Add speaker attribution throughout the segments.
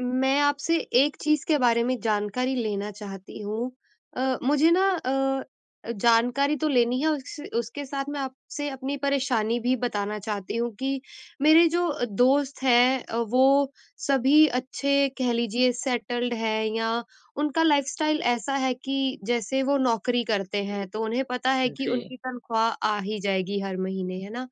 Speaker 1: मैं आपसे एक चीज़ के बारे में जानकारी लेना चाहती हूँ। अ, मुझे ना अ, जानकारी तो लेनी है उस उसके साथ मैं आपसे अपनी परेशानी भी बताना चाहती हूँ कि, मेरे जो दोस्त हैं अ, वो सभी अच्छे कह लीजिए सेटल्ड हैं या उनका लाइफ़स्टाइल ऐसा है कि जैसे वो नौकरी करते हैं तो उन्हें पता है
Speaker 2: हुँ,
Speaker 1: कि
Speaker 2: जी।
Speaker 1: उनकी तनख़्वाह आ ही जाएगी हर महीने, है ना?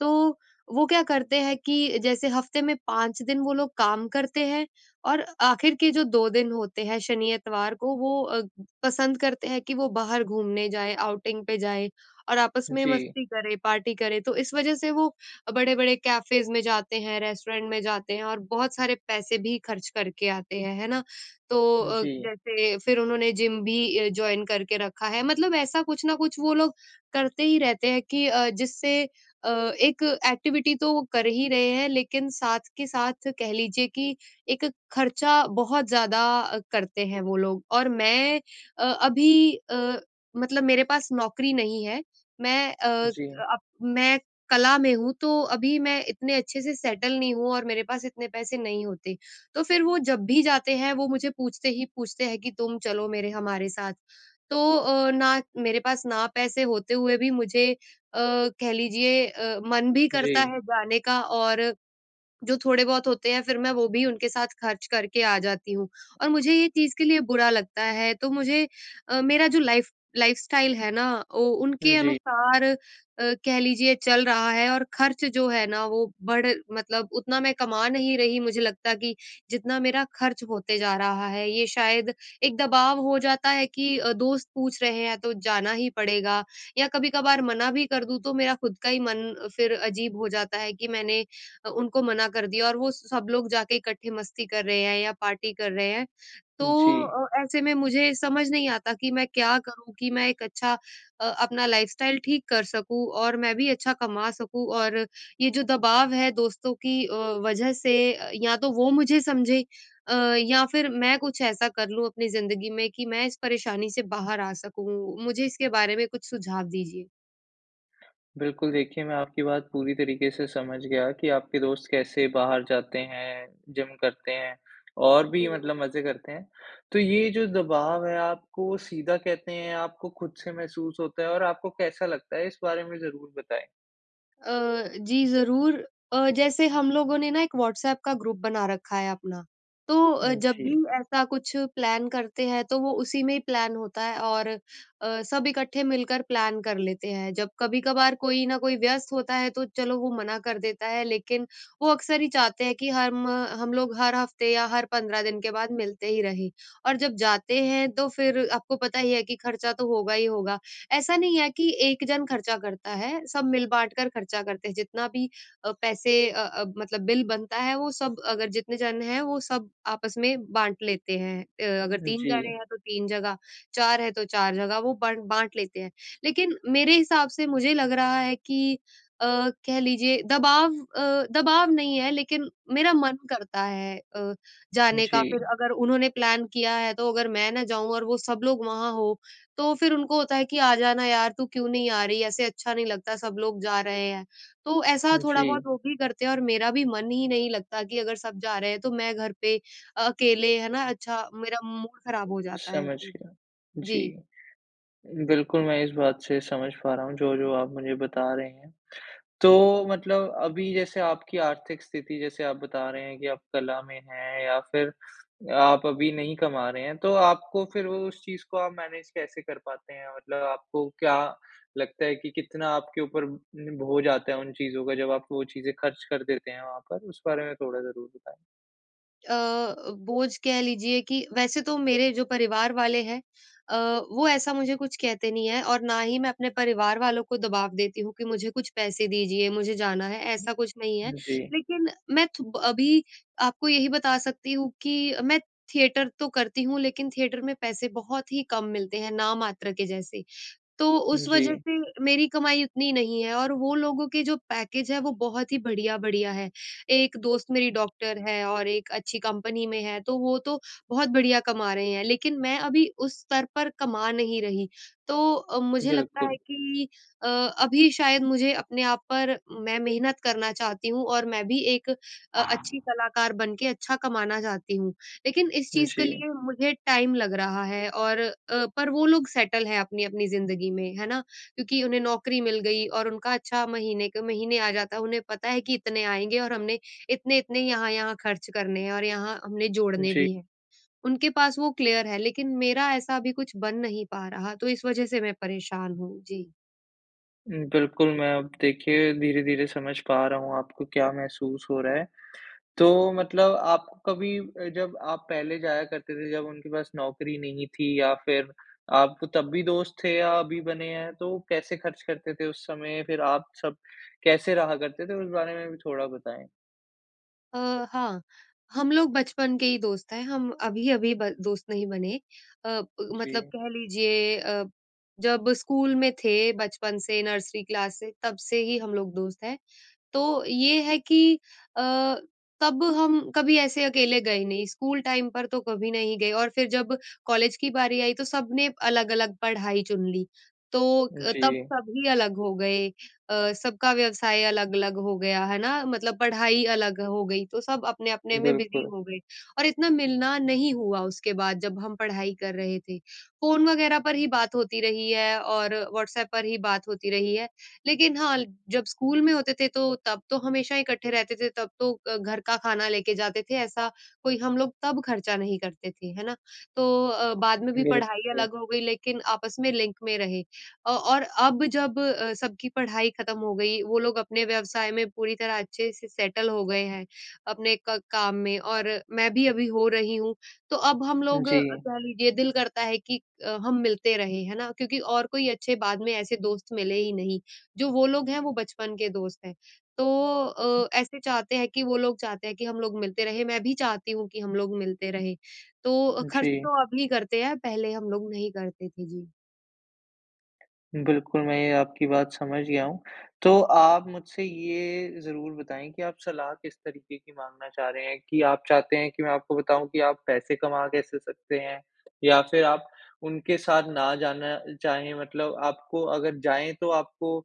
Speaker 1: तो वो क्या करते हैं कि, जैसे हफ़्ते में 5 दिन वो लोग काम करते हैं और आखिर के जो 2 दिन होते हैं शनि-इतवार को वो अग पसंद करते हैं कि वो बाहर घूमने जाएँ, आउटिंग पे जाएँ और आपस में
Speaker 2: जी।
Speaker 1: मस्ती करें पार्टी करें। तो इस वज़ह से वो बड़े-बड़े कैफेज़ में जाते हैं, रेस्टोरेंट में जाते हैं और बहुत सारे पैसे भी खर्च करके आते हैं। है ना? तो
Speaker 2: हुँ,
Speaker 1: अ,
Speaker 2: जी।
Speaker 1: जैसे फिर उन्होंने जिम भी ए जॉइन करके रखा है। मतलब ऐसा कुछ न कुछ वो लोग करते ही रहते हैं कि अ, जिससे अ, एक एक्टिविटी तो वो कर ही रहे हैं, लेकिन साथ के साथ कह लीजिए कि एक ख़र्चा बहुत ज़्यादा करते हैं वो लोग। और मैं अ, अभी अ, मतलब मेरे पास नौकरी नहीं है, मैं अ,
Speaker 2: जी।
Speaker 1: अप मैं कला में हूँ तो अभी मैं इतने अच्छे से सेटल नहीं हूँ और मेरे पास इतने पैसे नहीं होते। तो फिर वो जब भी जाते हैं, वो मुझे पूछते ही पूछते हैं कि तुम चलो मेरे हमारे साथ। तो अ, ना मेरे पास ना पैसे होते हुए भी मुझे अ, कह लीजिए अ, मन भी करता
Speaker 2: जी।
Speaker 1: है जाने का, और जो थोड़े बहुत होते हैं, फिर मैं वो भी उनके साथ ख़र्च करके आ जाती हूँ। और मुझे ये चीज़ के लिए बुरा लगता है तो मुझे अ, मेरा जो लाइफ़ लाइफ़स्टाइल है ना, वो
Speaker 2: हुँ,
Speaker 1: उनके
Speaker 2: जी।
Speaker 1: अनुसार अ, कह लीजिए चल रहा है और ख़र्च जो है ना वो बढ़ मतलब उतना मैं कमा नहीं रही मुझे लगता कि जितना मेरा खर्च होते जा रहा है। ये शायद एक दबाव हो जाता है कि अ, दोस्त पूछ रहे हैं तो जाना ही पड़ेगा या कभी-कभार मना भी कर दूँ, तो मेरा ख़ुद का ही मन फिर अजीब हो जाता है कि, मैंने अ, उनको मना कर दिया और वो सब लोग जा के इकट्ठे मस्ती कर रहे हैं या पार्टी कर रहे हैं। तो
Speaker 2: जी।
Speaker 1: अ, ऐसे में मुझे समझ नहीं आता कि मैं क्या करूँ कि मैं एक अच्छा अ, अपना लाइफ़स्टाइल ठीक कर सकूँ और मैं भी अच्छा कमा सकूँ। और ये जो दबाव है दोस्तों की अ, वज़ह से या तो वो मुझे समझें अ, या फिर मैं कुछ ऐसा कर लूँ अपनी ज़िंदगी में कि, मैं इस परेशानी से बाहर आ सकूँ। मुझे इसके बारे में कुछ सुझाव दीजिए?
Speaker 2: बिल्कुल देखिए, मैं आपकी बात पूरी तरीके से समझ गया कि आपके दोस्त कैसे बाहर जाते हैं, जिम करते हैं और भी
Speaker 1: जी।
Speaker 2: मतलब मज़े करते हैं। तो ये जो दबाव है, आपको सीधा कहते हैं, आपको खुद से महसूस होता है और आपको कैसा लगता है, इस बारे में ज़रूर बताएँ?
Speaker 1: अ, जी। ज़रूर अ, जैसे हम लोगों ने ना एक व्हाट्सएप का ग्रुप बना रखा है अपना, तो अ, जब भी
Speaker 2: जी।
Speaker 1: ऐसा कुछ प्लान करते हैं, तो वो उसी में ही प्लान होता है और अ, सब इकट्ठे मिलकर प्लान कर लेते हैं। जब कभी-कभार कोई न कोई व्यस्त होता है, तो चलो वो मना कर देता है, लेकिन वो अक्सर ही चाहते हैं कि हम हम लोग हर हफ़्ते या हर 15 दिन के बाद मिलते ही रहें। और जब जाते हैं, तो फ़िर आपको पता ही है कि खर्चा तो होगा ही होगा। ऐसा नहीं है कि 1 जन खर्चा करता है, सब मिल-बाँट कर खर्चा करते हैं, जितना भी अ, पैसे अ अ, मतलब बिल बनता है, वो सब अगर जितने जन हैं, वो सब आपस में बाँट लेते हैं। अ, अगर
Speaker 2: उ
Speaker 1: 3 जने
Speaker 2: जी।
Speaker 1: हैं तो 3 जगह, 4 है तो 4 जगह वो बट बाँट लेते हैं। लेकिन मेरे हिसाब से मुझे लग रहा है कि अ, कह लीजिए, दबाव अ, दबाव नहीं है, लेकिन मेरा मन करता है अ, जाने का। फ़िर
Speaker 2: जी।
Speaker 1: अगर उन्होंने प्लान किया है, तो अगर मैं ना जाऊँ और वो सब लोग वहाँ हो, तो फ़िर उनको होता है कि, "आ जाना यार तू क्यों नहीं आ रही है? ऐसे अच्छा नहीं लगता, सब लोग जा रहे हैं।" तो ऐसा थोड़ा-बहुत
Speaker 2: जी।
Speaker 1: वो भी करते हैं और मेरा भी मन ही नहीं लगता कि, अगर सब जा रहे हैं, तो मैं घर पे अ, अकेले है ना? अच्छा मेरा मूड ख़राब हो जाता है
Speaker 2: समझ
Speaker 1: फ़िर।
Speaker 2: गया। जी।
Speaker 1: जी।
Speaker 2: बिल्कुल मैं इस बात से समझ पा रहा हूँ, जो-जो आप मुझे बता रहे हैं। तो, मतलब अभी जैसे आपकी आर्थिक स्थिति, जैसे आप बता रहे हैं कि आप कला में हैं या फिर आप अभी नहीं कमा रहे हैं, तो आपको फ़िर उ उस चीज़ को आप मैनेज़ कैसे कर पाते हैं, मतलब आपको क्या लगता है कि, कितना आपके ऊपर ब भो जाता है उन चीज़ का, जब आप वो चीज़े खर्च कर देते हैं वहाँ पर, उस बारे में थोड़ा ज़रूर बताएँ?
Speaker 1: अ, बोझ कह लीजिए कि वैसे तो मेरे जो परिवार वाले हैं अ, वो ऐसा मुझे कुछ कहते नहीं है और ना ही मैं अपने परिवार वालों को दबाव देती हूँ कि, मुझे कुछ पैसे दीजिए मुझे जाना है ऐसा कुछ नहीं है।
Speaker 2: हुँ। जी।
Speaker 1: लेकिन मैं थु ब अभी आपको यही बता सकती हूँ कि, मैं थिएटर तो करती हूँ लेकिन थिएटर में पैसे बहुत ही कम मिलते हैं नाम मात्र के जैसे। तो उस वज़ह
Speaker 2: जी।
Speaker 1: से मेरी कमाई उतनी नहीं है और वो लोगों के जो पैकेज़ हैं वो बहुत ही बढिया-बढिया हैं। एक दोस्त मेरी डॉक्टर है, और एक अच्छी कंपनी में है। तो वो तो बहुत बढिया कमा रहे हैं, लेकिन मैं अभी उस स्तर पर कमा नहीं रही। तो अ, मुझे लगता है
Speaker 2: बिल्कुल।
Speaker 1: कि अ, अभी शायद मुझे अपने आप पर मैं मेहनत करना चाहती हूँ और मैं भी एक अ, अच्छी कलाकार बनके अच्छा कमाना चाहती हूँ। लेकिन इस चीज़ के
Speaker 2: जी।
Speaker 1: लिए मुझे टाइम लग रहा है और अ, पर वो लोग सेटल हैं अपनी-अपनी ज़िंदगी में, है ना? क्योंकि उन्हें नौकरी मिल गई और उनका अच्छा महीने के महीने आ जाता है। उन्हें पता है कि इतने आएँगे और हमने इतने-इतने, यहाँ-यहाँ खर्च करने हैं, और यहाँ हमने जोड़ने
Speaker 2: जी।
Speaker 1: भी हैं। उनके पास वो क्लियर है, लेकिन मेरा ऐसा अभी कुछ बन नहीं पा रहा, तो इस वज़ह से मैं परेशान हूँ। जी।
Speaker 2: बिल्कुल, मैं अब देखिए धीरे-धीरे समझ पा रहा हूँ, आपको क्या महसूस हो रहा है। तो मतलब आप कभी अ, जब आप पहले जाया करते थे जब उनके पास नौकरी नहीं थी या फिर, आपको तब भी दोस्त थे या अभी बने हैं, तो कैसे खर्च करते थे, उस समय फिर आप सब कैसे रहा करते थे? उस बारे में भी थोड़ा बताएँ?
Speaker 1: अ, हाँ। हम लोग बचपन के ही दोस्त हैं, हम अभी-अभी ब दोस्त नहीं बने। अ ब मतलब
Speaker 2: जी।
Speaker 1: कह लीजिए अ, जब स्कूल में थे बचपन से नर्सरी क्लास से तब से ही हम लोग दोस्त हैं। तो ये है कि अ, तब हम कभी ऐसे अकेले गए नहीं स्कूल टाइम पर तो कभी नहीं गए। और फिर जब कॉलेज की बारी आई, तो सब ने अलग-अलग पढ़ाई चुन ली। तो अ, तब
Speaker 2: जी।
Speaker 1: सभी अलग हो गए। अ, सबका व्यवसाय अलग-अलग हो गया, है ना? मतलब पढ़ाई अलग हो गई, तो सब अपने-अपने में बिज़ी
Speaker 2: बिल्कुल।
Speaker 1: हो गए। और इतना मिलना नहीं हुआ उसके बाद जब हम पढ़ाई कर रहे थे, फ़ोन वग़ैरह पर ही बात होती रही है और व्हाट्सएप पर ही बात होती रही है। लेकिन हाँ, जब स्कूल में होते थे, तो तब तो हमेशा इकट्ठे रहते थे तब तो अ, घर का खाना लेके जाते थे ऐसा कोई हम लोग तब खर्चा नहीं करते थे, है ना? तो अ, बाद में भी पढ़ाई
Speaker 2: बिल्कुल।
Speaker 1: अलग हो गई लेकिन आपस में लिंक में रहे। अ, और अब जब अ, सबकी पढ़ाई ख़त्म हो गई, वो लोग अपने व्यवसाय में पूरी तरह अच्छे से सेटल हो गए हैं, अपने क काम में और मैं भी अभी हो रही हूँ। तो अब हम लोग
Speaker 2: जी।
Speaker 1: कह लीजिए दिल करता है कि अ, हम मिलते रहें, है ना? क्योंकि और कोई अच्छे बाद में ऐसे दोस्त मिले ही नहीं, जो वो लोग हैं वो बचपन के दोस्त हैं। तो अ, ऐसे चाहते हैं कि, वो लोग चाहते हैं कि हम लोग मिलते रहें मैं भी चाहती हूँ कि हम लोग मिलते रहें। तो ख़र्च
Speaker 2: जी।
Speaker 1: तो अभी करते हैं पहले हम लोग नहीं करते थे। जी।
Speaker 2: बिल्कुल, मैं ये आपकी बात समझ गया हूँ। तो आप मुझसे ये, ज़रूर बताएँ कि आप सलाह किस तरीक़े की माँगना चाह रहे हैं कि, आप चाहते हैं कि मैं आपको बताऊँ कि आप पैसे कमा कैसे सकते हैं? या फिर आप उनके साथ ना जाना चाहें मतलब आपको अगर जाएँ, तो आपको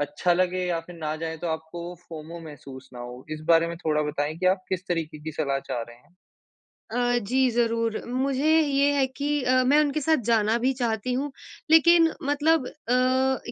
Speaker 2: अच्छा लगे या फिर ना जाएँ तो आपको वो, फोमो महसूस ना हो? इस बारे में थोड़ा बताएँ कि आप किस तरीक़े की सलाह चाह रहे हैं।
Speaker 1: अ, जी, ज़रूर, मुझे ये है कि अ, मैं उनके साथ जाना भी चाहती हूँ, लेकिन मतलब अ,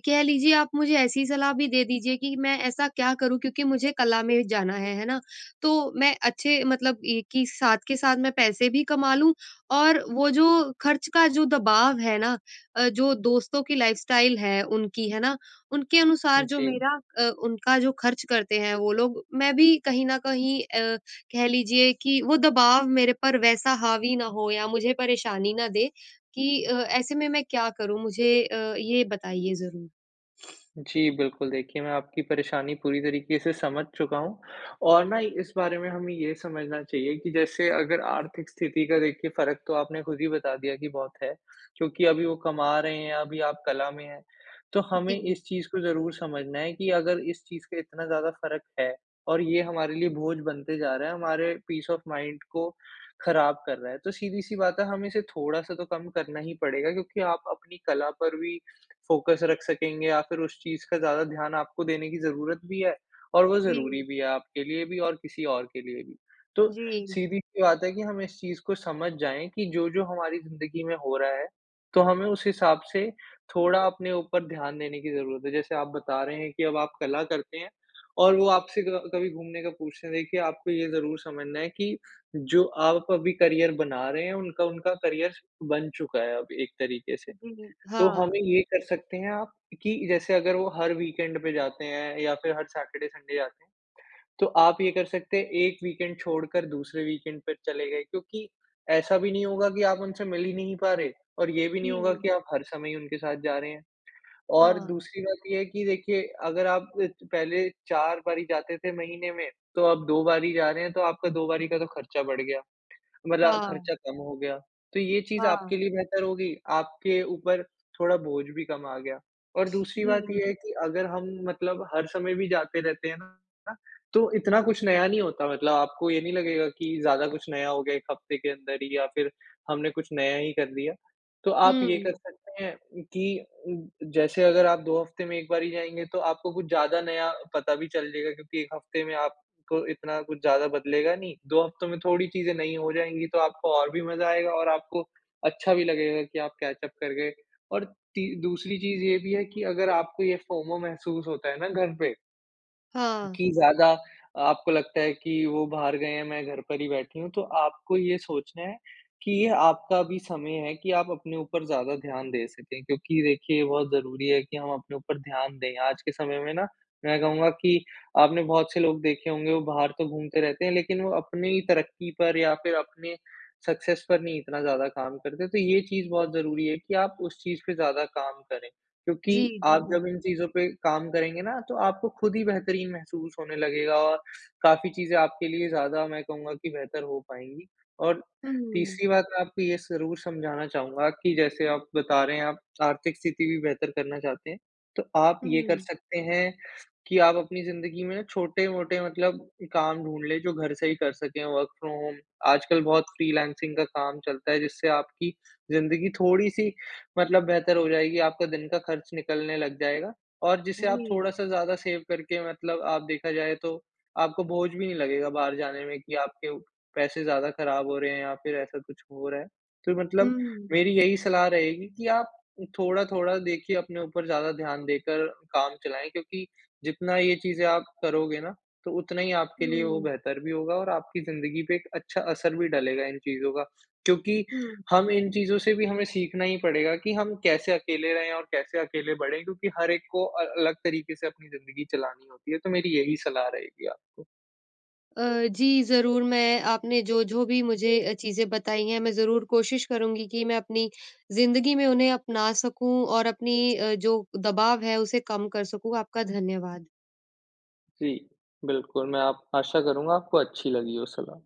Speaker 1: कह लीजिए आप मुझे ऐसी सलाह भी दे दीजिए, कि मैं ऐसा क्या करूँ, क्योंकि मुझे कला में जाना है, है ना? तो, मैं अच्छे मतलब एक ही साथ के साथ मैं पैसे भी कमा लूँ और वो जो ख़र्च का जो दबाव है ना अ, जो दोस्तों की लाइफ़स्टाइल है, उनकी है ना? उनके अनुसार जो
Speaker 2: जी।
Speaker 1: मेरा अ, उनका जो ख़र्च करते हैं वो लोग, मैं भी कहीं न कहीं अ, कह लीजिए कि वो दबाव मेरे पर वैसा हावी ना हो या मुझे परेशानी ना दे कि अ, ऐसे में मैं क्या करूँ? मुझे अ, ये बताइए ज़रूर।
Speaker 2: जी बिल्कुल, देखिए मैं आपकी परेशानी पूरी तरीक़े से समझ चुका हूँ। और ना इस बारे में हमें ये समझना चाहिए कि जैसे, अगर आर्थिक स्थिति का देखिए फ़र्क तो आपने खुद ही बता दिया कि बहुत है, क्योंकि अभी वो कमा रहे हैं, अभी आप कला में है। तो हमें
Speaker 1: जी।
Speaker 2: इस चीज़ को ज़रूर समझना है कि, अगर इस चीज़ के इतना ज़्यादा फ़र्क है और ये हमारे लिए बोझ बनते जा रहा है, हमारे पीस ऑफ़ माइंड को ख़राब कर रहा है। तो सीधी-सी बात है, हमें इसे थोड़ा-सा तो कम करना ही पड़ेगा, क्योंकि आप अपनी कला पर भी, फ़ोकस रख सकेंगे या फिर उस चीज़ का ज़्यादा ध्यान आपको देने की ज़रूरत भी है और वो ज़रूरी
Speaker 1: जी।
Speaker 2: भी है, आपके लिए भी और किसी और के लिए भी। तो,
Speaker 1: जी।
Speaker 2: सीधी सी बात है कि हम इस चीज़ को समझ जाएँ, कि जो-जो हमारी ज़िंदगी में हो रहा है, तो हमें उस हिसाब से, थोड़ा अपने ऊपर ध्यान देने की ज़रूरत है। जैसे आप बता रहे हैं कि अब आप कला करते हैं और वो आपसे क कभी घूमने का पूछते हैं देखिए आपको ये ज़रूर समझना है कि, जो आप अभी करियर बना रहे हैं, उनका उनका करियर बन चुका है अब एक तरीक़े से।
Speaker 1: जी,
Speaker 2: तो
Speaker 1: हाँ।
Speaker 2: हमें ये कर सकते हैं आप कि जैसे अगर वो हर वीकेंड पे जाते हैं या फिर हर सैटरडे-संडे जाते हैं। तो आप ये कर सकते हैं एक वीकेंड छोड़कर दूसरे वीकेंड पे चले गए। क्योंकि ऐसा भी नहीं होगा कि आप उनसे मिल ही नहीं पा रहे और ये भी नहीं होगा
Speaker 1: जी।
Speaker 2: कि, आप हर समय ही उनके साथ जा रहे हैं। और,
Speaker 1: हाँ।
Speaker 2: दूसरी बात ये है कि देखिए, अगर आप इत पहले 4 बारी जाते थे महीने में, तो आप 2 बार ही जा रहे है, तो आपका 2 बारी का तो ख़र्चा बढ़ गया, मतलब
Speaker 1: हाँ।
Speaker 2: ख़र्चा कम हो गया। तो ये चीज़ आपके
Speaker 1: हाँ।
Speaker 2: लिए बेहतर होगी, आपके ऊपर थोड़ा बोझ भी कम आ गया। और दूसरी बात
Speaker 1: जी।
Speaker 2: ये है कि अगर हम, मतलब हर समय भी जाते रहते हैं ना, तो इतना कुछ नया नहीं होता मतलब, आपको ये नहीं लगेगा कि ज़्यादा कुछ नया हो गया, 1 हफ्ते के अंदर ही या फिर हमने कुछ नया ही कर दिया। तो आप ये कर
Speaker 1: हुँ।
Speaker 2: सकते हैं, कि उं जैसे अगर आप 2 हफ्ते में एक बार ही जाएँगे, तो आपको कुछ ज़्यादा नया पता भी चल जाएगा क्योंकि 1 हफ्ते में आप इतना कुछ ज़्यादा बदलेगा नहीं, 2 हफ्तों में थोड़ी चीज़े नई हो जाएँगी, तो आपको और भी मज़ा आएगा और आपको अच्छा भी लगेगा कि आप कैच-अप करके और ती दूसरी चीज़ ये भी है कि, अगर आपको ये फोमो महसूस होता है ना घर पे
Speaker 1: हाँ।
Speaker 2: कि ज़्यादा आपको लगता है कि वो बाहर गए हैं मैं घर पर ही बैठी हूँ, तो आपको ये सोचना है, कि ये आपका भी समय है कि आप अपने ऊपर ज़्यादा ध्यान दे सकें। क्योंकि देखिये ये बहुत ज़रूरी है कि, हम अपने ऊपर ध्यान दें। आज के समय में ना, मैं कहूँगा कि आपने बहुत से लोग देखे होंगे वो बाहर तो घूमते रहते हैं लेकिन वो अपनी तरक्की पर या फिर अपने सक्सेस पर नहीं इतना ज़्यादा काम करते हैं, तो ये चीज़ बहुत ज़रूरी है कि, आप उस चीज़ पे ज़्यादा काम करें। क्योंकि
Speaker 1: जी,
Speaker 2: आप
Speaker 1: जी।
Speaker 2: जब इन चीज़ पे काम करेंगे ना, तो आपको खुद ही बेहतरीन महसूस होने लगेगा और काफ़ी चीज़े आपके लिए ज़्यादा मैं कहूँगा कि बेहतर हो पाएंँगी और,
Speaker 1: हुँ।
Speaker 2: तीसरी बात आपको ये ज़रूर समझाना चाहूँगा कि जैसे आप बता रहे हैं, आप आर्थिक स्थिति भी बेहतर करना चाहते हैं, तो आप ये कर
Speaker 1: हुँ।
Speaker 2: सकते हैं कि आप अपनी ज़िन्दगी में छोटे-मोटे मतलब काम ढूँढ लें, जो घर से ही कर सकें वर्क फ्रॉम होम। आजकल बहुत फ़्रीलांसिंग का काम चलता है, जिससे आपकी ज़िंदगी थोड़ी-सी मतलब बेहतर हो जाएगी, आपका दिन का खर्च निकलने लग जायेगा और जिससे आप
Speaker 1: जी।
Speaker 2: थोड़ा-सा ज़्यादा सेव करके मतलब आप देखा जाये तो आपको बोझ भी नहीं लगेगा बाहर जाने में, कि आपके पैसे ज़्यादा खराब हो रहे हैं या फिर ऐसा कुछ हो रहा है। तो मतलब
Speaker 1: हुँ।
Speaker 2: मेरी यही सलाह रहेगी कि आप, थोड़ा-थोड़ा देखिए अपने ऊपर ज़्यादा ध्यान देकर काम चलाएँ, क्योंकि जितना ये चीज़े आप करोगे ना तो उतना ही आपके लिए वो
Speaker 1: हुँ।
Speaker 2: बेहतर भी होगा और आपकी ज़िन्दगी पे एक अच्छा असर भी डलेगा इन चीज़ों का। क्योंकि,
Speaker 1: हुँ।
Speaker 2: हम इन चीज़ों से भी हमें सीखना ही पड़ेगा कि हम कैसे अकेले रहें और कैसे अकेले बढ़ें, क्योंकि हर एक को अ अलग तरीके से अपनी ज़िन्दगी चलानी होती है। तो मेरी यही सलाह रहेगी आपको।
Speaker 1: अ, जी, ज़रूर मैं आपने जो-जो भी मुझे अ चीज़ें बताई हैं, मैं ज़रूर कोशिश करुँगी कि मैं अपनी ज़िंदगी में उन्हें अपना सकूँ और अपनी अ, जो दबाव है उसे कम कर सकूँ। आपका धन्यवाद।
Speaker 2: जी, बिल्कुल मैं आप आशा करूँगा आपको अच्छी लगी हो सलाह।